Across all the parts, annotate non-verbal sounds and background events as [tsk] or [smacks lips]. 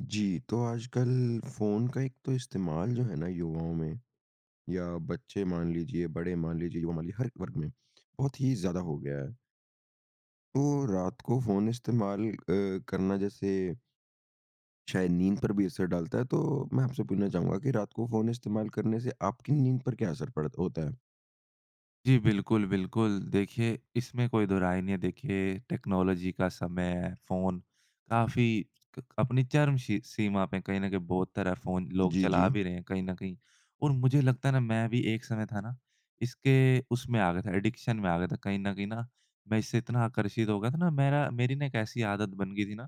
जी। तो आजकल फ़ोन का एक तो इस्तेमाल जो है ना, युवाओं में या बच्चे मान लीजिए, बड़े मान लीजिए युवा मान लिए हर वर्ग में, बहुत ही ज़्यादा हो गया है। तो रात को फ़ोन इस्तेमाल अ, करना जैसे शायद नींद पर भी असर डालता है तो मैं आपसे पूछना चाहूँगा कि रात को फ़ोन इस्तेमाल करने से आपकी नींद पर क्या असर पड़त होता है। जी। बिल्कुल, बिल्कुल। देखिए इसमें कोई दोहराय नहीं है देखिए, टेक्नोलॉज़ी का समय हैं। फ़ोन काफ़ी क अपनी चर्म शी सीमा पे कहीं न कहीं बहुत तरह फ़ोन लोग जी, चला जी। भी रहे हैं कहीं न कहीं और मुझे लगता है ना, मैं भी एक समय था ना इसके उसमें आ गया था एडिक्शन में आ गया था कहीं न कहीं न मैं इससे इतना आकर्षित हो गया था ना मेरा मेरी ना एक ऐसी आदत बन गई थी ना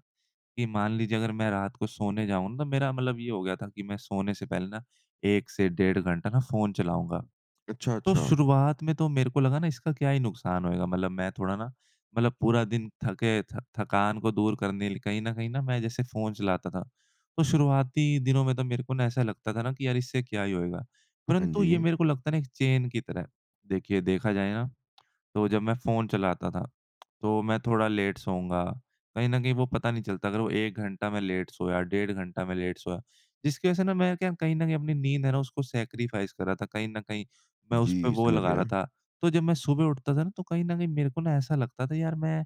कि मान लीजिए अगर मैं रात को सोने जाऊँ ना तो मेरा मतलब ये हो गया था कि मैं सोने से पहले ना 1 से डेढ़ घंटा ना फ़ोन चलाऊँगा। अच्छा, तो अच्छा। शुरुआत में तो मेरे को लगा ना इसका क्या ही नुकसान होएगा? मतलब मैं थोड़ा ना, मतलब पूरा दिन थके थ थकान को दूर करने ल कहीं न कहीं ना मैं जैसे फ़ोन चलाता था। तो शुरुआती दिनों में तो मेरे को ना ऐसा लगता था ना कि यार इससे क्या ही होएगा? हाँ, परंतु ये जी। मेरे को लगता है ना एक चैन की तरह। देखिए देखा जाए ना, तो जब मैं फ़ोन चलाता था तो मैं थोड़ा लेट सोऊँगा। कहीं न कहीं वो पता नहीं चलता अगर वो 1 घंटा में लेट सोया, डेढ़ घंटा में लेट सोया। जिसकी वज़ह से ना मैं क्या कहीं न कहीं अपनी नींद है ना, उसको सैक्रिफ़ाइस कर रहा था। कहीं न कहीं मैं उसपे जी। वो समझ लगा रहा गया। था। तो जब मैं सुबह उठता था ना तो कहीं न कहीं मेरे को ना ऐसा लगता था यार मैं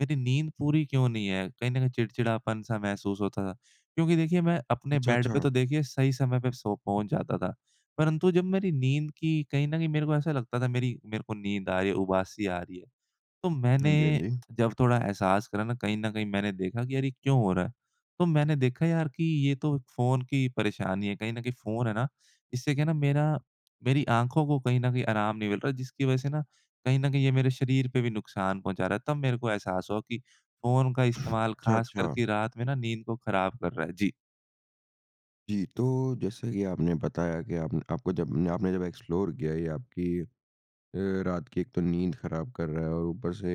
मेरी नींद पूरी क्यों नहीं है? कहीं न कहीं चिड़चिड़ापन-सा महसूस होता था। क्योंकि देखिए मैं अपने अच्छा, बेड पे अच्छा। तो देखिए सही समय पे सो पहुँच जाता था। परंतु, तो जब मेरी नींद की कहीं न कहीं मेरे को ऐसा लगता था मेरी मेरे को नींद आ रही है उबासी आ रही है। तो हाँ जी, हाँ मैंने जी। [clicks tongue] थोड़ा एहसास करा न कहीं न कहीं मैंने देखा कि यार ये क्यों हो रहा है? तो मैंने देखा यार कि ये तो फ़ोन की परेशानी है। कहीं न कहीं फ़ोन है ना, इससे क्या है ना मेरा मेरी आँखों को कहीं न कहीं आराम नहीं मिल रहा है जिसकी वज़ह से न कहीं न कहीं ये मेरे शरीर पे भी नुकसान पहुँचा रहा है तब मेरे को एहसास हुआ कि फ़ोन का इस्तेमाल अच्छा, ख़ास अच्छा। करके रात में न नींद को ख़राब कर रहा है, जी। जी। तो जैसा कि आपने बताया कि आपने आपको जब आपने जब एक्सप्लोर किया ये आपकी अ, रात की एक तो नींद खराब कर रहा है और ऊपर से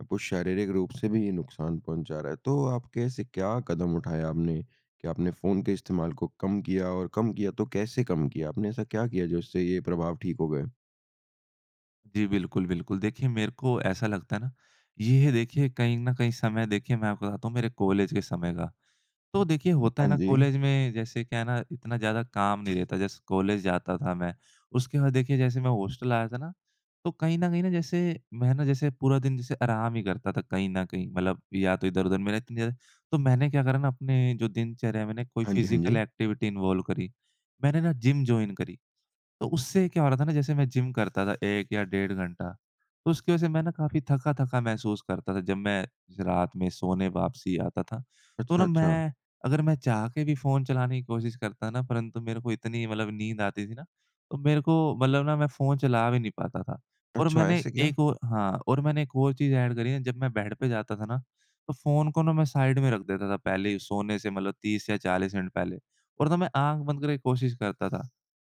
आपको शारीरिक रूप से भी ये नुकसान पहुँचा रहा है। तो आप कैसे क्या कदम उठाया आपने कि आपने फ़ोन के इस्तेमाल को कम किया और कम किया तो कैसे कम किया? आपने ऐसा क्या किया जिससे ये प्रभाव ठीक हो गए? जी बिल्कुल, बिल्कुल। देखिए मेरे को ऐसा लगता है ना ये देखिए कहीं न कहीं समय देखिए मैं आप बताता हूँ मेरे कॉलेज के समय का। तो देखिए होता है हाँ ना जी। कॉलेज में जैसे क्या है ना इतना ज़्यादा काम नहीं रहता। जैसे कॉलेज जाता था मैं उसके बाद देखिए जैसे मैं हॉस्टल आया था ना तो कहीं न कहीं ना जैसे मैं ना जैसे पूरा दिन जैसे आराम ही करता था कहीं न कहीं। मतलब या तो इधर-उधर [unintelligible] तो मैंने क्या करा ना अपने जो दिनचर्या में ना एक कोई हाँ जी, हाँ फिज़िकल जी। एक्टिविटी इन्वॉल्व करी। मैंने ना जिम जॉइन करी। तो उससे क्या हो रहा था ना जैसे मैं जिम करता था 1 या डेढ़ घंटा, तो उसकी वजह से मैं ना काफ़ी थका-थका महसूस करता था जब मैं रात में सोने वापसी आता था। तो अच्छा, ना अच्छा। मैं अगर मैं चाह के भी फ़ोन चलाने की कोशिश करता ना परंतु मेरे को इतनी मतलब नींद आती थी ना तो मेरे को मतलब ना मैं फ़ोन चला भी नहीं पाता था। और अच्छा, मैंने ऐसे क्या? एक और हाँ, और मैंने एक और चीज़ ऐड करी है। जब मैं बेड पे जाता था ना तो फ़ोन को ना मैं साइड में रख देता था पहले ही सोने से मतलब 30 या 40 मिनट पहले और ना मैं आँख बंद करके कोशिश करता था।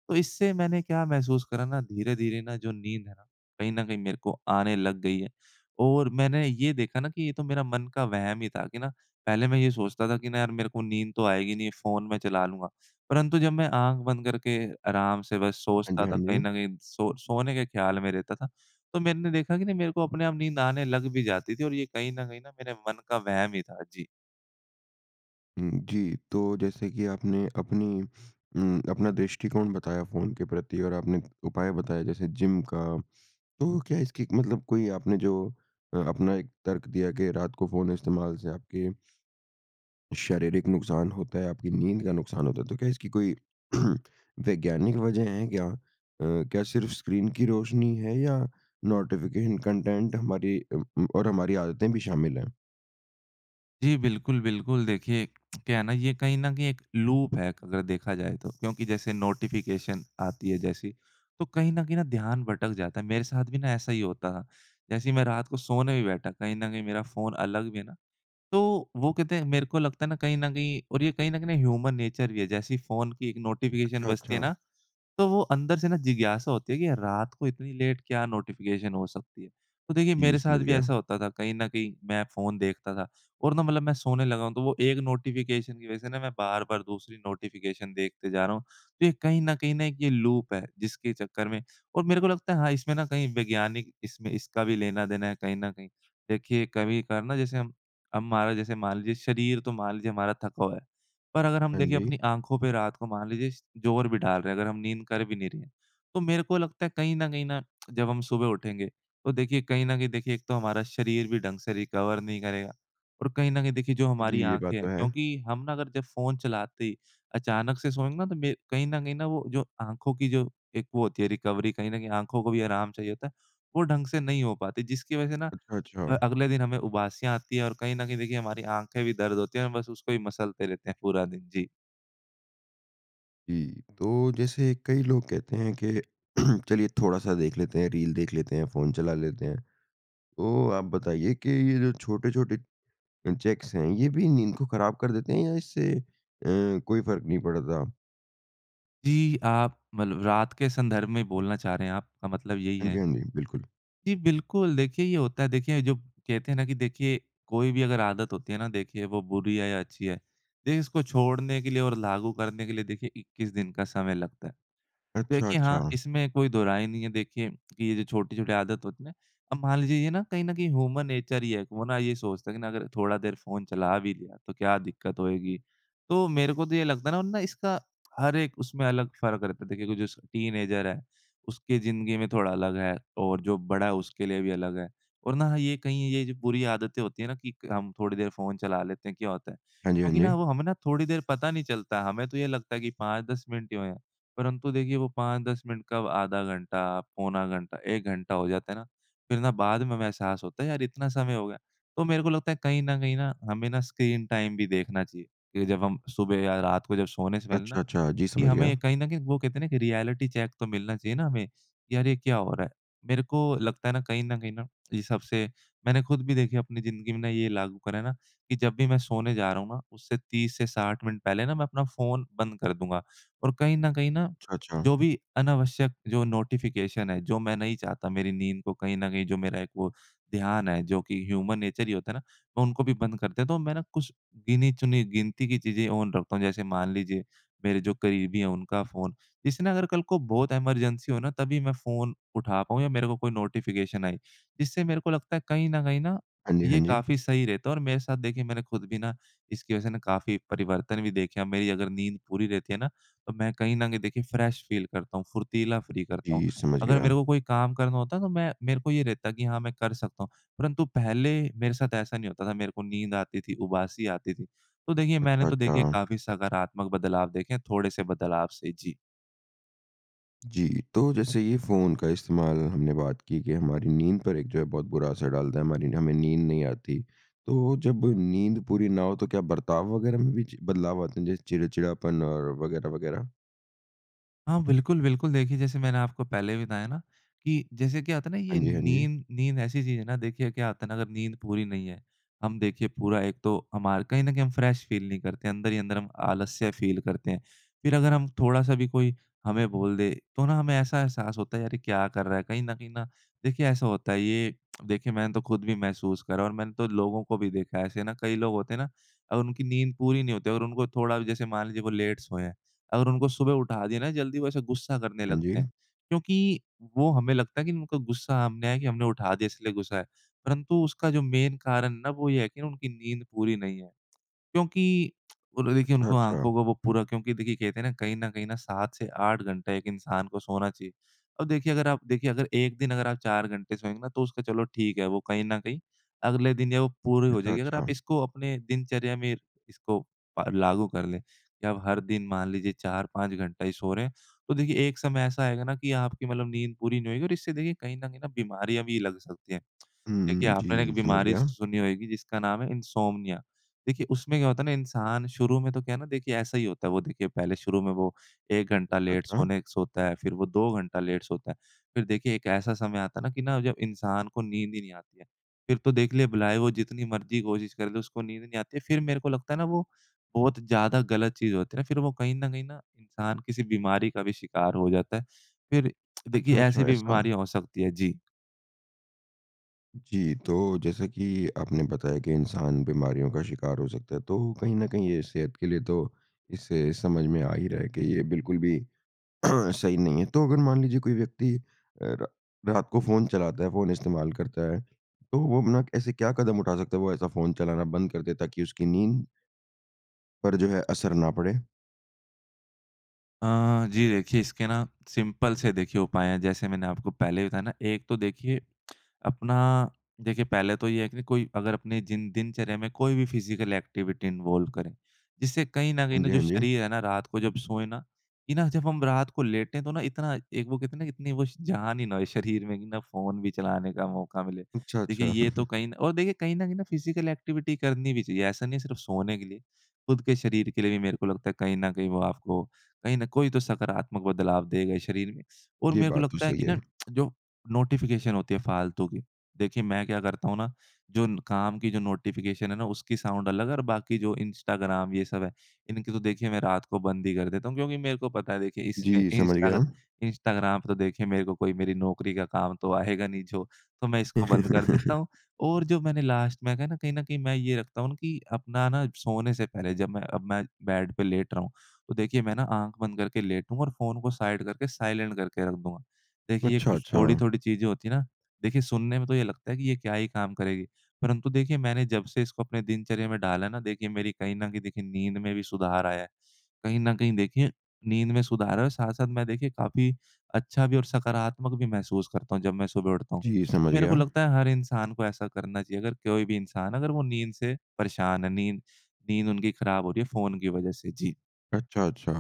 तो इससे मैंने क्या महसूस करा ना धीरे-धीरे ना जो नींद है ना कहीं न कहीं मेरे को आने लग गई है। और मैंने ये देखा ना कि ये तो मेरा मन का वहम ही था कि ना पहले मैं ये सोचता था कि ना यार मेरे को नींद तो आएगी नहीं फ़ोन मैं चला लूँगा। परंतु जब मैं आँख बंद करके आराम से बस हाँ जी, सोचता हाँ था कहीं जी। न कहीं सो सोने के ख्याल में रहता था तो मैंने देखा कि नहीं मेरे को अपने आप नींद आने लग भी जाती थी। और ये कहीं न कहीं ना मेरे मन का वहम ही था। जी। उम, जी। तो जैसे कि आपने अपनी उम, अपना दृष्टिकोण बताया फ़ोन के प्रति और आपने उपाय बताया जैसे जिम का तो क्या इसकी मतलब कोई आपने जो अ, अपना एक तर्क दिया कि रात को फ़ोन इस्तेमाल से आपके शारीरिक नुकसान होता है, आपकी नींद का नुकसान होता है। तो क्या इसकी कोई [clears throat] वैज्ञानिक वज़ह है क्या? अ, क्या सिर्फ़ स्क्रीन की रोशनी है या नोटिफ़िकेशन कंटेंट हमारी अ, उम, और हमारी आदतें भी शामिल हैं? जी। बिल्कुल, बिल्कुल देखिए, [smacks lips] क्या है ना, ये कहीं न कहीं एक लूप है एक अगर देखा जाए तो। क्योंकि जैसे नोटिफ़िकेशन आती है जैसी, तो कहीं न कहीं न ध्यान भटक जाता है। मेरे साथ भी ना ऐसा ही होता था। जैसे ही मैं रात को सोने भी बैठा कहीं न कहीं मेरा फ़ोन अलग भी है ना। तो वो कहते हैं मेरे को लगता है ना कहीं न कहीं और ये कहीं न कहीं ना ह्यूमन-नेचर भी है जैसे फ़ोन की एक नोटिफ़िकेशन अच्छा, बजती है अच्छा। ना, तो वो अंदर से ना जिज्ञासा होती है कि रात को इतनी लेट क्या नोटिफ़िकेशन हो सकती है? तो देखिए जी, मेरे साथ समझ भी गया। ऐसा होता था, कहीं न कहीं मैं फ़ोन देखता था और ना मतलब मैं सोने लगा हूँ तो वो एक नोटिफ़िकेशन की वज़ह से ना मैं बार-बार दूसरी नोटिफ़िकेशन देखते जा रहा हूँ तो ये कहीं न कहीं न एक ये लूप है। जिसके चक्कर में और मेरे को लगता है हाँ, इसमें ना कहीं वैज्ञानिक इसमें इसका भी लेना देना है कहीं न कहीं। देखिए कभी-कभार ना जैसे हम हमारा जैसे मान लीजिए शरीर तो मान लीजिए हमारा थका हुआ है। पर अगर हम हाँ, देखिए जी। अपनी आँखों पे रात को मान लीजिए स ज़ोर भी डाल रहे हैं अगर हम नींद कर भी नहीं रहे हैं। तो मेरे को लगता है कहीं न कहीं न [smacks lips] जब हम सुबह उठेंगे तो देखिए कहीं न कहीं देखिए एक तो हमारा शरीर भी ढंग से रिकवर नहीं करेगा और कहीं न कहीं देखिए जो जी, हमारी ये बात आँखें तो हैं है। क्योंकि हम ना अगर जब फ़ोन चलाते ही अचानक से सोएँगे ना तो मेर कहीं न कहीं न वो जो आँखों की जो एक वो होती है रिकवरी कहीं न कहीं आँखों को भी आराम चाहिए होता है वो ढंग से नहीं हो पाती जिसकी वज़ह से ना अच्छा, अ, अच्छा। अगले दिन हमें उबासियाँ आती है और कहीं न कहीं देखिए हमारी आँखें भी दर्द होती है बस उसको ही मसलते रहते हैं पूरा दिन। जी। जी। तो जैसे कई लोग कहते हैं कि [clears throat] चलिए थोड़ा-सा देख लेते हैं, रील देख लेते हैं, फ़ोन चला लेते हैं। तो आप बताइए कि ये जो छोटे-छोटे अ, चेक्स हैं ये भी नींद को खराब कर देते हैं या इससे अ, कोई फ़र्क नहीं पड़ता? जी आप मतलब रात के संदर्भ में बोलना चाह रहे हैं, आपका मतलब यही हाँ है। जी, हाँ जी। बिल्कुल। जी बिल्कुल, देखिए ये होता है। देखिए जो कहते हैं ना कि देखिए कोई भी अगर आदत होती है ना देखिए वो बुरी है या अच्छी है। देखिए इसको छोड़ने के लिए और लागू करने के लिए देखिए 21 दिन का समय लगता है। अच्छा, देखिए हाँ, अच्छा। इसमें कोई दोहराई नहीं है देखिए, कि ये जो छोटी-छोटी आदत होती है ना? अब मान लीजिए ये ना कहीं न कहीं ह्यूमन नेचर ही है। वो ना ये सोचता है कि ना अगर थोड़ा देर फ़ोन चला भी लिया तो क्या दिक्कत होएगी? तो मेरे को तो ये लगता है ना इसका हर एक उसमें अलग फ़र्क रहता है। देखिए कोई जैसे टीनेजर है, उसकी जिंदगी में थोड़ा अलग है और जो बड़ा है उसके लिए भी अलग है और ना ये कहीं ये जो बुरी आदतें होती हैं ना कि क हम थोड़ी देर फ़ोन चला लेते हैं क्या होता है? हाँ जी, हाँ क्योंकि जी। ना वो हमें ना थोड़ी देर पता नहीं चलता, हमें तो ये लगता है कि 5-10 मिनट ही हुए हैं। परंतु देखिए वो 5-10 मिनट कब आधा घंटा, पौना घंटा, 1 घंटा हो जाता है ना फ़िर ना बाद में हमें एहसास होता है यार इतना समय हो गया। तो मेरे को लगता है कहीं न कहीं ना हमें ना स्क्रीन टाइम भी देखना चाहिए कि जब हम सुबह या रात को जब सोने से पहले ना अच्छा, अच्छा जी कि समझ गया। हमें कहीं न कहीं वो कहते हैं ना कि रियलिटी चेक तो मिलना चाहिए ना हमें, कि यार ये क्या हो रहा है? मेरे को लगता है ना कहीं न कहीं ना इन सब से मैंने ख़ुद भी देखी है अपनी जिंदगी में ना ये लागू करा है ना कि जब भी मैं सोने जा रहा हूँ ना उससे 30 से 60 मिनट पहले ना मैं अपना फ़ोन बंद कर दूँगा। और कहीं न कहीं ना अच्छा, अच्छा। जो भी अनावश्यक जो नोटिफ़िकेशन है, जो मैं नहीं चाहता मेरी नींद को कहीं न कहीं जो मेरा एक वो ध्यान है, जो कि ह्यूमन नेचर ही होता है ना, उनको भी बंद कर दे तो मैं कुछ गिनी-चुनी गिनती की चीज़ें ऑन रखता हूँ जैसे मान लीजिए मेरे जो करीबी है उनका फ़ोन इससे ना अगर कल को बहुत इमरजेंसी हो ना तभी मैं फ़ोन उठा पाऊँ या मेरे को कोई नोटिफ़िकेशन आई, जिससे मेरे को लगता है कहीं न कहीं ना हाँ जी, हाँ ये जी। काफ़ी सही रहता है और मेरे साथ देखिए मैंने ख़ुद भी ना इसकी वज़ह से काफ़ी परिवर्तन भी देखे हैं। मेरी अगर नींद पूरी रहती है ना तो मैं कहीं न कहीं देखिए फ्रेश फ़ील करता हूँ फुर्तीला फ्री करता हूँ। जी समझ अगर मेरे गया। को कोई काम करना होता तो मैं मेरे को ये रहता कि हाँ मैं कर सकता हूँ। परंतु पहले मेरे साथ ऐसा नहीं होता था। मेरे को नींद आती थी, उबासी आती थी। तो देखिए मैंने अच्छा, तो देखिए अच्छा। काफ़ी सकारात्मक बदलाव देखे हैं थोड़े से बदलाव से जी। जी। तो जैसे ये फ़ोन का इस्तेमाल हमने बात की कि हमारी नींद पर एक जो है बहुत बुरा असर डालता है हमारी हमें नींद नहीं आती। तो जब नींद पूरी ना हो तो क्या बर्ताव वग़ैरह में भी चि बदलाव आते हैं जैसे चिड़चिड़ापन और वग़ैरह वग़ैरह? हाँ बिल्कुल, बिल्कुल। देखिए जैसे मैंने आपको पहले भी बताया ना कि जैसे क्या होता है ना ये हाँ जी, हाँ जी। नींद, नींद ऐसी चीज़ है ना। देखिए क्या होता है ना अगर नींद पूरी नहीं है। हम देखिए पूरा एक तो हमार कहीं न कहीं हम फ़्रेश फ़ील नहीं करते हैं, अंदर ही अंदर हम आलस्य फ़ील करते हैं। फ़िर अगर हम थोड़ा-सा भी कोई हमें बोल दे तो ना हमें ऐसा एहसास होता है यार ये क्या कर रहा है? कहीं न कहीं ना देखिए ऐसा होता है। ये [clicks tongue] देखिए मैंने तो ख़ुद भी महसूस करा और मैंने तो लोगों को भी देखा है ऐसे ना। कई लोग होते हैं ना अगर उनकी नींद पूरी नहीं होती और उनको थोड़ा भी जैसे मान लीजिए वो लेट सोए हैं अगर उनको सुबह उठा दिया ना जल्दी वो ऐसे ग़ुस्सा करने हाँ लगते जी। हैं। क्योंकि वो हमें लगता है कि उनका ग़ुस्सा हमने है कि हमने उठा दिया इसलिए ग़ुस्सा है। परंतु उसका जो मेन कारण ना वो ये है कि उनकी नींद पूरी नहीं है। क्योंकि [clicks tongue] वो लोग देखिए अच्छा, उनको अच्छा। आँखों को वो पूरा क्योंकि देखिए कहते हैं ना कहीं न कहीं ना 7 से 8 घंटा एक इंसान को सोना चाहिए। अब देखिए अगर आप देखिए अगर 1 दिन अगर आप 4 घंटे सोएँगे ना तो उसका चलो ठीक है वो कहीं न कहीं अगले दिन या वो पूरी हो अच्छा, जाएगी। अगर आप अच्छा। इसको अपने दिनचर्या में इसको प लागू कर लें कि अब हर दिन मान लीजिए 4-5 घंटा ही सो रहे हैं। तो देखिए एक समय ऐसा आएगा ना कि आपकी मतलब नींद पूरी नहीं होएगी और इससे देखिए कहीं न कहीं ना बीमारियाँ भी लग सकती हैं। [clicks tongue] हुँ, देखिए हुँ, आपने एक जी। [smacks lips] समझ बीमारी स गया। सुनी होएगी जिसका नाम है इन्सोम्निया। देखिए उसमें क्या होता है ना इंसान शुरू में तो क्या है ना देखिए ऐसा ही होता है। वो देखिए पहले शुरू में वो 1 घंटा लेट अच्छा। सोने सोता है फ़िर वो 2 घंटा लेट सोता है। फ़िर देखिए एक ऐसा समय आता है ना कि ना अगर इंसान को नींद ही नहीं आती है। फ़िर तो देखलें भलाए वो जितनी मर्ज़ी कोशिश कर ले उसको नींद नहीं आती है। फ़िर मेरे को लगता है ना वो बहुत ज़्यादा गलत चीज़ होती है ना। फ़िर वो कहीं न कहीं ना इंसान किसी बीमारी का भी शिकार हो जाता है। फ़िर [clicks tongue] देखिए अच्छा, ऐसी अच्छा भी ऐसा। बीमारियाँ हो सकती है। जी। जी। तो जैसा कि आपने बताया कि इंसान बीमारियों का शिकार हो सकता है तो कहीं न कहीं ये सेहत के लिए तो, इससे समझ में आ ही रहा है कि ये बिल्कुल भी [clears throat] सही नहीं है। तो अगर मान लीजिए कोई व्यक्ति अ, रा रात को फ़ोन चलाता है फ़ोन इस्तेमाल करता है, तो वो अपना ऐसे क्या कदम उठा सकता है? वो ऐसा फ़ोन चलाना बंद कर दे ताकि उसकी नींद पर जो है असर ना पड़े। अ, जी देखिए इसके ना सिंपल से देखिए उपाय हैं। जैसे मैंने आपको पहले बताया ना एक तो देखिए [tsk] अपना देखिए पहले तो ये है कि कोई अगर अपने जिन दिनचर्या में कोई भी फ़िज़िकल एक्टिविटी इन्वॉल्व करे। जिससे कहीं न कहीं हाँ ना जी, जो हाँ जी। शरीर है ना रात को जब सोए ना, कि ना जब हम रात को लेटे तो ना इतना एक वो इतनी वो श जान ही ना हो शरीर में कि ना फ़ोन भी चलाने का मौका मिले। देखिए अच्छा-अच्छा। ये तो [chuckles] कहीं न और देखिए कहीं न कहीं ना फ़िज़िकल एक्टिविटी करनी भी चाहिए। ऐसा नहीं है सिर्फ़ सोने के लिए, खुद के शरीर के लिए भी मेरे को लगता है। कहीं न कहीं वो आपको कहीं न कोई तो सकारात्मक बदलाव देगा शरीर में और ये मेरे को बात तो लगता है सही कि है। ना [tsk] जो नोटिफ़िकेशन होती है फ़ालतू की, देखिए मैं क्या करता हूँ ना, जो न काम की जो नोटिफ़िकेशन है ना उसकी साउंड अलग है और बाकी जो इंस्टाग्राम ये सब है इनकी तो देखिए मैं रात को बंद ही कर देता हूँ। क्योंकि मेरे को पता है देखिए इसमें जी समझ गया। इंस्टाग इंस्टाग्राम तो देखिए मेरे को कोई मेरी नौकरी का काम तो आएगा नहीं जो तो मैं इसको बंद कर देता [laughs] हूँ और जो मैंने लास्ट में कहा ना कहीं न कहीं मैं ये रखता हूँ न कि अपना ना सोने से पहले जब मैं अब मैं बेड पे लेट रहा हूँ, तो देखिए मैं ना आँख बंद करके लेटूँगा और फ़ोन को साइड करके साइलेंट करके रख दूँगा। देखिए कुछ अच्छा-अच्छा। थोड़ी-थोड़ी चीज़ें होती हैं ना, देखिए सुनने में तो ये लगता है कि ये क्या ही काम करेगी? परंतु देखिए मैंने जब से इसको अपने दिनचर्या में डाला है ना देखिए मेरी कहीं न कहीं देखिए नींद में भी सुधार आया है। कहीं न कहीं देखिए नींद में सुधार है साथ-साथ मैं देखिए काफ़ी अच्छा भी और सकारात्मक भी महसूस करता हूँ जब मैं सुबह उठता हूँ। जी, तो समझ मेरे को गया। लगता है हर इंसान को ऐसा करना चाहिए। अगर कोई भी इंसान अगर वो नींद से परेशान है, नींद नींद उनकी खराब हो रही है फ़ोन की वजह से। जी। अच्छा-अच्छा।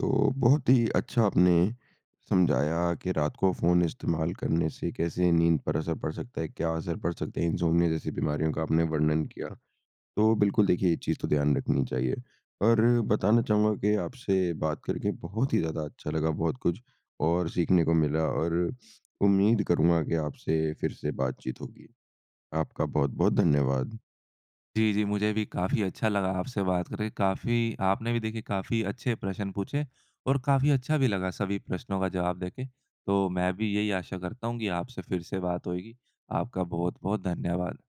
तो, बहुत ही अच्छा आपने समझाया कि रात को फ़ोन इस्तेमाल करने से कैसे नींद पर असर पड़ सकता है? क्या असर पड़ सकता है? इनसोमनिया जैसी बीमारियों का आपने वर्णन किया। तो बिल्कुल देखिए ये चीज़ तो ध्यान रखनी चाहिए। और बताना चाहूँगा कि आपसे बात करके बहुत ही ज़्यादा अच्छा लगा। बहुत कुछ और सीखने को मिला और [sniffs] उम्मीद करूँगा कि आपसे फ़िर से बातचीत होगी। आपका बहुत-बहुत धन्यवाद। जी, जी। मुझे भी काफ़ी अच्छा लगा आपसे बात करके, काफ़ी आपने भी देखिए काफ़ी अच्छे प्रश्न पूछे और काफ़ी अच्छा भी लगा सभी प्रश्नों का जवाब देके। तो मैं भी यही आशा करता हूँ कि आपसे फ़िर से बात होएगी। आपका बहुत-बहुत धन्यवाद।